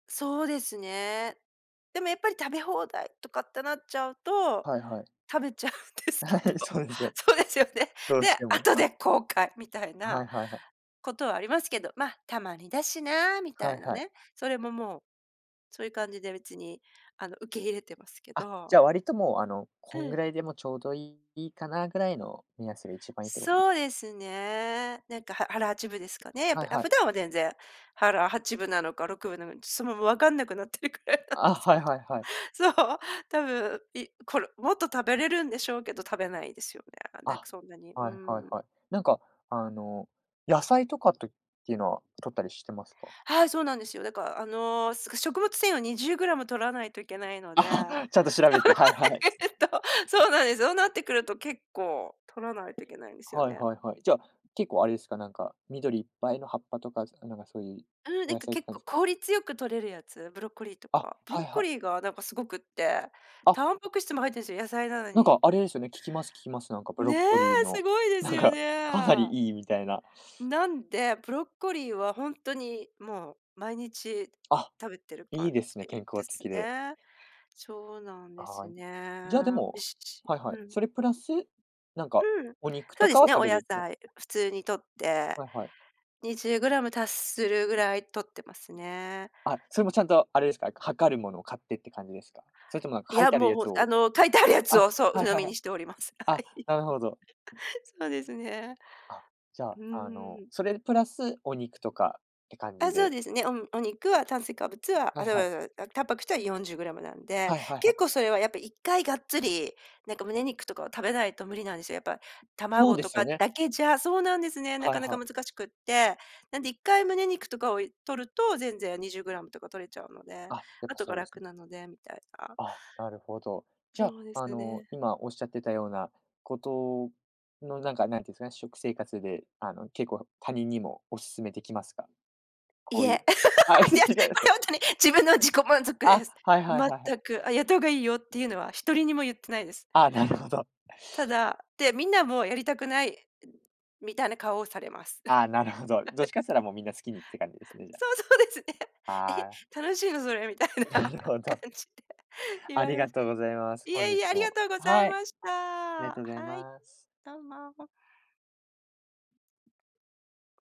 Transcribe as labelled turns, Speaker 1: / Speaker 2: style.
Speaker 1: そうですね。でもやっぱり食べ放題とかってなっちゃうと、
Speaker 2: はいはい。
Speaker 1: 食べちゃうんですけ
Speaker 2: は
Speaker 1: ど。
Speaker 2: い、そうですよ。
Speaker 1: そうですよね。
Speaker 2: どうし
Speaker 1: で、
Speaker 2: ても、
Speaker 1: 後
Speaker 2: はい。
Speaker 1: で後悔みたい
Speaker 2: は
Speaker 1: な、
Speaker 2: いはいはい。
Speaker 1: ことはありますけど、まあ「たまにだしな」みた
Speaker 2: は
Speaker 1: い
Speaker 2: い
Speaker 1: な
Speaker 2: はい。
Speaker 1: ね。それももう、そういう感じで別にあの、受け入れてますけ
Speaker 2: あ、じ
Speaker 1: ど。
Speaker 2: ゃあ割ともう、あの、こ
Speaker 1: う
Speaker 2: んぐ
Speaker 1: ん。
Speaker 2: らいでもちょうどいいかなぐらいの目安が一番いいってことです。
Speaker 1: そうですね。なんか腹腹八分ですかね、やっ
Speaker 2: は
Speaker 1: ぱ
Speaker 2: い
Speaker 1: り、あ、
Speaker 2: は
Speaker 1: 普
Speaker 2: い。
Speaker 1: 段は全然、腹八分なのか六分なのか、ちょともう分かんなくなってるくらいなんで
Speaker 2: あ、
Speaker 1: す
Speaker 2: は
Speaker 1: け
Speaker 2: い
Speaker 1: ど。
Speaker 2: はいはい。
Speaker 1: そう、多分、いこれもっと食べれるんでしょうけど、食べないですよね。なんか
Speaker 2: あ、
Speaker 1: そんなに、う
Speaker 2: はいはい
Speaker 1: ーん。
Speaker 2: はい。なんか、あの、野菜とかっていうのは摂ったりしてますか？
Speaker 1: はい、そうなんですよ。だから、あの、食物繊維を20g摂らないといけないので。
Speaker 2: あ、
Speaker 1: ダ
Speaker 2: ちゃんと調べて、はいはい。
Speaker 1: イエット、そうなんです。そうなってくると結構とらないといけないんですよ
Speaker 2: はい
Speaker 1: ね。
Speaker 2: はいはい。じゃ、結構あれですか、なんか、緑いっぱいの葉っぱとか、なんかそういう、
Speaker 1: うん、な
Speaker 2: お
Speaker 1: ん
Speaker 2: 野
Speaker 1: か
Speaker 2: 菜って
Speaker 1: 結
Speaker 2: 感じ
Speaker 1: 構
Speaker 2: すか？
Speaker 1: 効率よく取れるやつ、ブロッコリーと
Speaker 2: あ、
Speaker 1: か。ブロ
Speaker 2: は
Speaker 1: ッ
Speaker 2: い
Speaker 1: コ
Speaker 2: はい。
Speaker 1: リーがなんかすごくって、
Speaker 2: あ
Speaker 1: タンパク質も入ってるんですよ、野菜なの
Speaker 2: なん
Speaker 1: に。
Speaker 2: かあれですよね、聞きます聞きます。なんかブロ
Speaker 1: ね
Speaker 2: ッコリー
Speaker 1: え、す
Speaker 2: の、
Speaker 1: ごいで
Speaker 2: な
Speaker 1: す
Speaker 2: ん
Speaker 1: よ
Speaker 2: か、かな
Speaker 1: ね。
Speaker 2: りいいみたいな。
Speaker 1: なんで、ブロッコリーはほんとにもう毎日
Speaker 2: あ、
Speaker 1: 食べてる
Speaker 2: いい
Speaker 1: 感
Speaker 2: ですね、健
Speaker 1: じで
Speaker 2: 康
Speaker 1: す
Speaker 2: 的で。
Speaker 1: ね。そうなんで
Speaker 2: あ
Speaker 1: す
Speaker 2: あ。
Speaker 1: ね。
Speaker 2: じゃ、で
Speaker 1: 美味
Speaker 2: も
Speaker 1: しいし。
Speaker 2: はいは
Speaker 1: う
Speaker 2: い、
Speaker 1: ん。
Speaker 2: それプラス、なんか
Speaker 1: うん。
Speaker 2: お肉
Speaker 1: そう
Speaker 2: と
Speaker 1: で
Speaker 2: か
Speaker 1: す
Speaker 2: は
Speaker 1: ね、
Speaker 2: 食
Speaker 1: お
Speaker 2: べ
Speaker 1: 野
Speaker 2: るか
Speaker 1: 菜、普通に摂って、
Speaker 2: はいはい。
Speaker 1: 20g達するぐらい摂ってますね。
Speaker 2: あ、それもちゃんとあれですか？測るものを買ってって感じですか？それとも
Speaker 1: い
Speaker 2: 書い
Speaker 1: や、
Speaker 2: てある
Speaker 1: もう
Speaker 2: や
Speaker 1: ほ
Speaker 2: つ
Speaker 1: あ
Speaker 2: を
Speaker 1: の、書いてあるやつ
Speaker 2: あ、
Speaker 1: を、そう、
Speaker 2: は
Speaker 1: 鵜
Speaker 2: い
Speaker 1: 呑
Speaker 2: はい
Speaker 1: み
Speaker 2: は
Speaker 1: に
Speaker 2: い。
Speaker 1: しております。は
Speaker 2: あ、
Speaker 1: い。
Speaker 2: なるほど。
Speaker 1: そうですね。
Speaker 2: あ、じゃあ、
Speaker 1: う
Speaker 2: あ
Speaker 1: ー
Speaker 2: の、
Speaker 1: ん。
Speaker 2: それプラスお肉とかって感
Speaker 1: あ、
Speaker 2: じ
Speaker 1: そう
Speaker 2: で。
Speaker 1: ですね、うん、おお肉は炭水化物は、あ、
Speaker 2: はい
Speaker 1: ちま
Speaker 2: はい。
Speaker 1: ちまちまちまタンパク質は40gなんで、
Speaker 2: はいはいは
Speaker 1: 結
Speaker 2: い。
Speaker 1: 構それはやっぱ1回がっつり、なんか胸肉とかを食べないと無理なんですよ、やっぱ
Speaker 2: そう
Speaker 1: 卵
Speaker 2: で
Speaker 1: と
Speaker 2: すよ
Speaker 1: か
Speaker 2: ね。
Speaker 1: だけじゃ、そうなんですね、な
Speaker 2: は
Speaker 1: か
Speaker 2: い
Speaker 1: なか
Speaker 2: はい。
Speaker 1: 難しくって。なんで1回胸肉とかを摂ると、全然20gとか摂れちゃうので、
Speaker 2: あ、やっ
Speaker 1: あ
Speaker 2: ぱ
Speaker 1: とが
Speaker 2: そうです
Speaker 1: 楽
Speaker 2: ね。
Speaker 1: なので、みたいな。
Speaker 2: あ、なるほど。じゃ、
Speaker 1: そうです
Speaker 2: あの、
Speaker 1: ね。
Speaker 2: 今おっしゃってたようなことのなんか、なんていうんですかね、食生活で、あの、結構他人にもおすすめできますか？こ
Speaker 1: いえ、い
Speaker 2: うい
Speaker 1: や、
Speaker 2: う
Speaker 1: こ
Speaker 2: あ
Speaker 1: れ ほんとに自分の自己満足
Speaker 2: あ、
Speaker 1: です。
Speaker 2: はいはいはいはい。
Speaker 1: 全く。「あ、やった方がいいよ」っていうのは1人にも言ってないです。
Speaker 2: ああ、なるほど。
Speaker 1: ただ、で、みんなもやりたくないみたいな顔をされます。
Speaker 2: ああ、なるほど。どっちかっ て言ったら、もうみんな好きにって感じですね、じゃあ。
Speaker 1: そう、そうですね。
Speaker 2: ああ。
Speaker 1: 「え、楽しいのそれ？」みたいな
Speaker 2: なるほど。
Speaker 1: 感じで言
Speaker 2: あ
Speaker 1: わ
Speaker 2: り
Speaker 1: れま
Speaker 2: が
Speaker 1: す。
Speaker 2: とうございます、
Speaker 1: い
Speaker 2: 本
Speaker 1: え
Speaker 2: 日
Speaker 1: いえ、ありが
Speaker 2: も。
Speaker 1: とうござ
Speaker 2: は
Speaker 1: い
Speaker 2: い。
Speaker 1: まし
Speaker 2: あ
Speaker 1: た。
Speaker 2: りがとうござい
Speaker 1: はい。
Speaker 2: ます。
Speaker 1: どうも。